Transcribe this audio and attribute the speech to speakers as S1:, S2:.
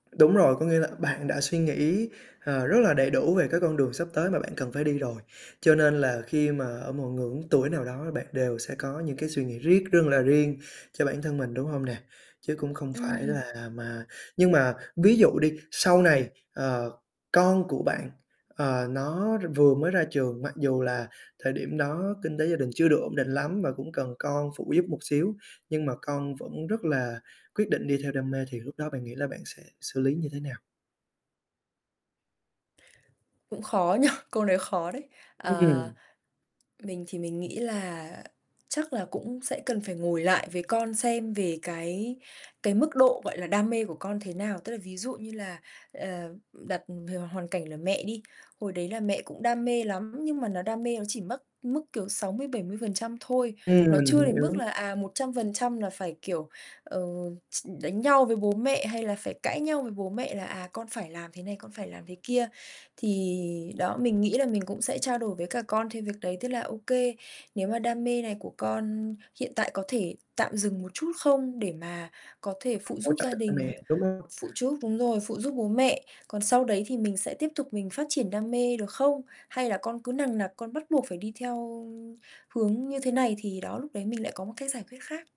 S1: Đúng rồi, có nghĩa là bạn đã suy nghĩ, ờ, rất là đầy đủ về cái con đường sắp tới mà bạn cần phải đi rồi, cho nên là khi mà ở một ngưỡng tuổi nào đó bạn đều sẽ có những cái suy nghĩ riết rương là riêng cho bản thân mình, đúng hông nè? Chứ cũng không phải
S2: Ừm.
S1: là mà nhưng mà ví dụ đi, sau này, ờ, con của bạn, ờ, nó r vừa mới ra trường, mặc dù là thời điểm đó kinh tế gia đình chưa được ổn định lắm và cũng cần con phụ giúp một xíu, nhưng mà con vẫn rất là quyết định đi theo đam mê thì lúc đó bạn nghĩ là bạn sẽ xử lý như thế nào?
S2: Cũng khó nhỉ? Câu nói khó đấy. Ờ,
S1: Ừm.
S2: mình thì mình nghĩ là chắc là cũng sẽ cần phải ngồi lại với con xem về cái cái mức độ, gọi là, đam mê của con thế nào. Tức là ví dụ như là "Ờ, đặt h hoàn cảnh là mẹ đi, hồi đấy là mẹ cũng đam mê lắm nhưng mà nó đam mê nó chỉ mất mức, kiểu, 60%-70% thôi.
S1: Ừm,
S2: Nó chưa
S1: mình
S2: đến mức
S1: hiểu.
S2: là, à, 100% là phải, kiểu, ờ, ch đánh nhau với bố mẹ hay là phải cãi nhau với bố mẹ là, à, con phải làm thế này, con phải làm thế kia." Thì đó, mình nghĩ là mình cũng sẽ trao đổi với cả con thêm việc đấy, tức là "Ô kê, nếu mà đam mê này của con hiện tại có thể tạm dừng một chút không để mà có thể phụ
S1: Hỗ
S2: giúp
S1: trợ
S2: gia
S1: cha
S2: đình,
S1: mẹ, đúng hông?
S2: phụ giúp đúng rồi, phụ giúp bố mẹ. Còn sau đấy thì mình sẽ tiếp tục mình phát triển đam mê, được không?" Hay là con cứ nằng nặc con bắt buộc phải đi theo hướng như thế này thì đó lúc đấy mình lại có một cái giải quyết khác.